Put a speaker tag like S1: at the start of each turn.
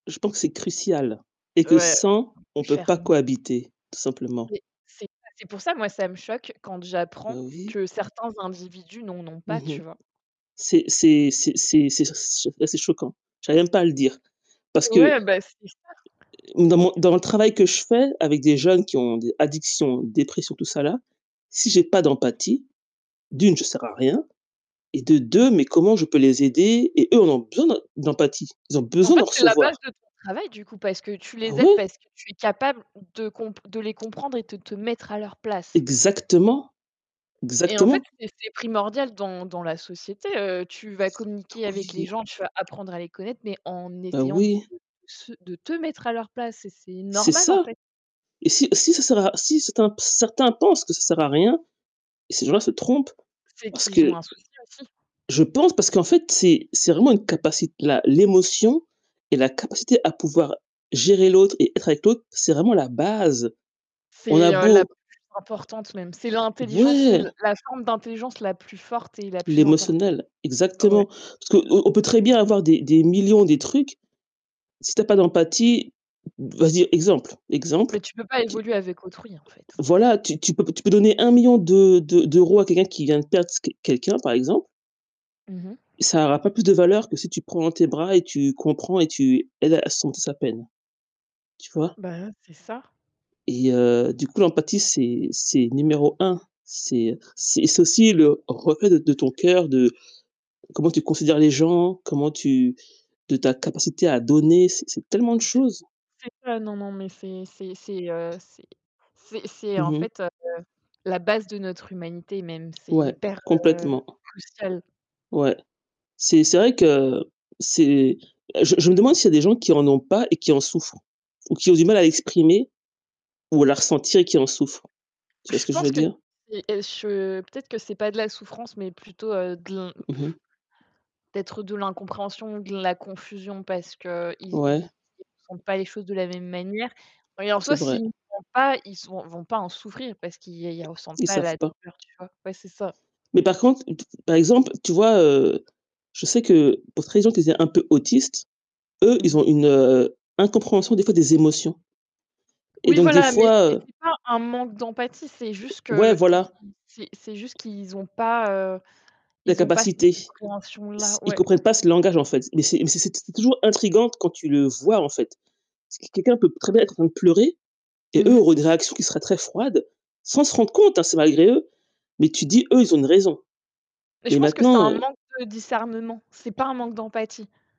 S1: Je pense c'est crucial et que
S2: Ouais,
S1: sans, on peut pas
S2: ferment.
S1: cohabiter, tout simplement.
S2: Oui c'est c'est pour ça moi, ça me choque quand j'apprends
S1: Bah oui.
S2: que certains individus n'en ont
S1: Mmh
S2: pas, tu
S1: mh.
S2: vois?
S1: C'est c'est c'est c'est c'est ça c'est s cho là c'est choquant. J'arrive même pas à le dire parce que
S2: Ouais, bah, c'est ça.
S1: oui dans mon dans mon travail que je fais, avec des jeunes qui ont des addictions, dépressions, tout ça là, si j'ai pas d'empathie, d'1 je sers à rien et de
S2: Mmh.
S1: 2 mais comment je peux les aider et eux en ont besoin d'em d'empathie. Ils ont
S2: En
S1: besoin d'en
S2: fait, c'est la base
S1: recevoir.
S2: de ton travail du coup, parce que tu
S1: Ah
S2: les aides,
S1: ouais?
S2: parce que tu es capable de compr de les comprendre et de te mettre à leur place.
S1: Exactement,
S2: Et en fait,
S1: exactement.
S2: c'est c'est primordial dans dans la société, heu, tu vas
S1: Oh
S2: communiquer avec les
S1: oui!
S2: gens, tu vas apprendre à les connaître, mais en
S1: Oh
S2: essayant de
S1: oui!
S2: se de te mettre à leur place et c'est
S1: C'est
S2: normal, en
S1: ça
S2: fait.
S1: et si si ça sert à si certains certains pensent que ça sert à rien, bah ces gens-là se trompent,
S2: C'est
S1: parce
S2: qu'ils ont
S1: que
S2: un souci aussi.
S1: je pense, parce qu'en fait c'est c'est vraiment une capacit la l'émotion et la capacité à pouvoir gérer l'autre et être avec l'autre, c'est vraiment la base. On a
S2: C'est, heu, la
S1: beau
S2: plus importante même. C'est l'intelligence, c'est
S1: ouais.
S2: la forme d'intelligence la plus forte et la plus importante.
S1: L'émotionnel
S2: Ouais.
S1: exactement. Parce qu'on on peut très bien avoir des des millions des trucs, si tu as pas d'empathie vas-y exemple, exemple,
S2: Mais, tu peux pas
S1: tu
S2: évoluer avec autrui, en fait.
S1: voilà, tu tu peux p tu peux donner 1 000 000 de de d'euros à quelqu'un qui vient de perdre squ quelqu'un, par exemple
S2: Mmh mh.
S1: ça aura pas plus de valeur que si tu le prends dans tes bras et tu comprends et tu l'aides à surmonter sa peine. Tu vois?
S2: Bah, ouais, c'est ça.
S1: Et heu, du coup l'empathie c'est c'est numéro 1. C'est, heu, c'est c'est aussi le reflet de de ton coeur, de comment tu considères les gens, comment tu de ta capacité à donner. C'est c'est tellement de
S2: C'est
S1: choses.
S2: c'est ça. Non, non, mais c'est c'est c'est, heu, c'est c'est c'est
S1: Mmh
S2: en
S1: mh.
S2: fait, heu, la base de notre humanité même. C'est
S1: Ouais,
S2: hyper, heu,
S1: complètement.
S2: crucial.
S1: Ouais. C'est c'est vrai que c'est bah, je je me demande s'il y des gens qui en ont pas et qui en souffrent, ou qui ont du mal à l'exprimer, ou à la ressentir et qui en souffrent? Tu vois ce
S2: Je
S1: que je veux
S2: pense que
S1: dire?
S2: c'est è ch peut-être que c'est pas de la souffrance, mais plutôt, heu, de l'in
S1: Mmh mh.
S2: peut-être de l'incompréhension, de la confusion parce qu'ils ils
S1: Ouais.
S2: ils font pas les choses de la même manière et en soi,
S1: C'est vrai.
S2: s'ils font pas, ils sont ils vont pas en souffrir, parce qu'ils ils ressentent
S1: Ils
S2: pas
S1: savent
S2: la
S1: pas.
S2: douleur, tu vois? Ouais, c'est ça.
S1: Mais par contre, t par exemple, tu vois, heu, je sais que pour [unintelligible] un peu autistes, eux,
S2: Mmh
S1: ils
S2: mh.
S1: ont une, heu, incompréhension des fois des émotions et
S2: Oui,
S1: donc des
S2: voilà, mais
S1: fois,
S2: c'est
S1: heu
S2: c'est pas un manque d'empathie, c'est juste
S1: ouais,
S2: qu'ils
S1: voilà.
S2: ils c'est c'est juste qu'ils ont pas, heu, ils ont pas cette
S1: L'incapacité. S
S2: compréhension-là.
S1: ils
S2: Ouais.
S1: comprennent pas ce langage en fait. Mais c'est mais c'est t c'est toujours intrigant quand tu le vois, en fait. C'est q quelqu'un peut très bien être en train de pleurer et
S2: Mmh
S1: eux
S2: mh.
S1: auraient des réactions qui seraient très froides, sans se rendre compte hein, c'est malgré eux, mais tu dis: «Eux, ils ont une raison».
S2: Mais je
S1: Mais
S2: pense que c'est
S1: maintenant,
S2: un
S1: heu
S2: manque de discernement. C'est pas un manque d'empathie.